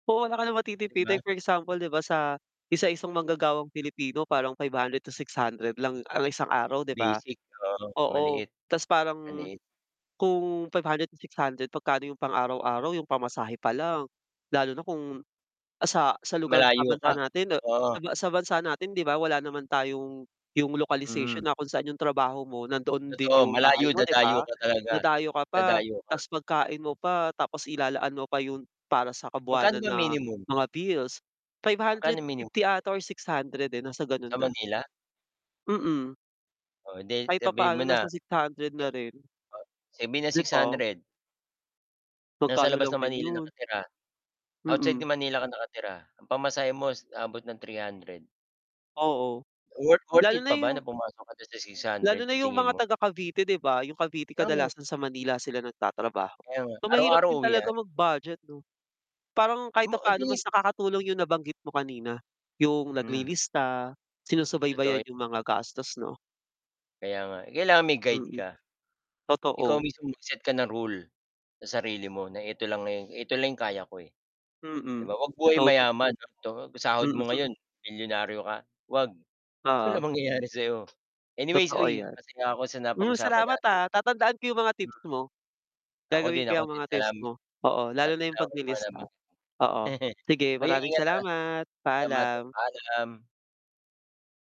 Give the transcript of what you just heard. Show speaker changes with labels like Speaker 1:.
Speaker 1: Oo, wala ka ng
Speaker 2: 'Di
Speaker 1: matitipid,
Speaker 2: ba?
Speaker 1: like for example 'di ba, sa isa isang manggagawang Pilipino parang 500 to 600 lang ang isang araw, 'di ba?
Speaker 2: Basic, oo
Speaker 1: Oo
Speaker 2: maliit,
Speaker 1: ta's parang
Speaker 2: maliit.
Speaker 1: kung 500 to 600 magkano yung pang-araw-araw yung pamasahe pa lang, lalo na kung, ah, sa, sa lugar sa
Speaker 2: Malayo ka,
Speaker 1: bansa natin sa
Speaker 2: oo.
Speaker 1: sa bansa natin 'di ba wala naman tayong yung
Speaker 2: Mm.
Speaker 1: localization na kung saan yung trabaho mo nandoon din
Speaker 2: Totoo,
Speaker 1: yung bahay
Speaker 2: malayo
Speaker 1: mo, 'di
Speaker 2: dadayo
Speaker 1: ba?
Speaker 2: ka talaga,
Speaker 1: Dadayo ka pa
Speaker 2: dadayo ka.
Speaker 1: tapos pagkain mo pa tapos ilalaan mo pa yung para sa
Speaker 2: Magkano
Speaker 1: kabuwanan
Speaker 2: ba
Speaker 1: na
Speaker 2: minimum?
Speaker 1: mga bills. five
Speaker 2: Magkano
Speaker 1: hundred
Speaker 2: mini
Speaker 1: fifty ata or 600, eh, nasa gano'n
Speaker 2: Sa
Speaker 1: na.
Speaker 2: Manila?
Speaker 1: Mm.
Speaker 2: O 'di
Speaker 1: Kahit
Speaker 2: sabihin mo
Speaker 1: papaano
Speaker 2: na.
Speaker 1: nasa 600 na rin.
Speaker 2: Sabihin na
Speaker 1: Di
Speaker 2: six
Speaker 1: ba?
Speaker 2: hundred. Nasa
Speaker 1: Magkano
Speaker 2: labas ng
Speaker 1: lang din
Speaker 2: Manila
Speaker 1: 'yon.
Speaker 2: nakatira. Outside
Speaker 1: Mm.
Speaker 2: Manila ka nakatira ang pamasahe mo abot ng 300.
Speaker 1: Oo,
Speaker 2: Worth, worth
Speaker 1: lalo
Speaker 2: it
Speaker 1: na
Speaker 2: pa ba
Speaker 1: yung
Speaker 2: na pumasok ka sa six
Speaker 1: lalo
Speaker 2: hundred,
Speaker 1: na
Speaker 2: sa
Speaker 1: yung
Speaker 2: tingin
Speaker 1: mga
Speaker 2: mo?
Speaker 1: taga Cavite 'di ba? Yung Cavite
Speaker 2: [unintelligible]
Speaker 1: kadalasan sa Manila sila nagtatrabaho.
Speaker 2: Kaya nga,
Speaker 1: So, mahirap
Speaker 2: araw-araw
Speaker 1: din talaga
Speaker 2: uwian.
Speaker 1: mag-budget 'no, parang kahit
Speaker 2: Mo, eh,
Speaker 1: papaano
Speaker 2: di
Speaker 1: mas nakakatulong yung nabanggit mo kanina yung
Speaker 2: Hmm.
Speaker 1: naglilista,
Speaker 2: Totoo
Speaker 1: sinusubaybayan
Speaker 2: 'yo
Speaker 1: yung mga gastos, 'no?
Speaker 2: Kaya nga, eh, kailangan may guide
Speaker 1: Mm,
Speaker 2: ka. Ikaw
Speaker 1: totoo.
Speaker 2: mismo mag-set ka ng rule sa sarili mo na eto lang, eto lang yung kaya ko, eh, 'di
Speaker 1: Mm,
Speaker 2: ba? 'Wag buhay
Speaker 1: [unintelligible]
Speaker 2: mayaman [unintelligible] sahod mo
Speaker 1: Mm.
Speaker 2: ngayon milyonaryo ka, 'wag
Speaker 1: Oo.
Speaker 2: walang mangyayari sa'yo. Anyway's
Speaker 1: Totoo
Speaker 2: uy
Speaker 1: 'yan.
Speaker 2: masaya ako sa
Speaker 1: Hmm,
Speaker 2: napag-usapan
Speaker 1: salamat,
Speaker 2: natin.
Speaker 1: ah, tatandaan ko yung mga tips mo,
Speaker 2: Ako din,
Speaker 1: gagawin ko
Speaker 2: ako
Speaker 1: 'yang
Speaker 2: din
Speaker 1: mga tips
Speaker 2: salamat
Speaker 1: mo, oo, lalo na yung paglilista.
Speaker 2: [unintelligible]
Speaker 1: Oo, sige
Speaker 2: ay uy
Speaker 1: maraming
Speaker 2: ingat, ah.
Speaker 1: salamat,
Speaker 2: Salamat
Speaker 1: paalam.
Speaker 2: paalam.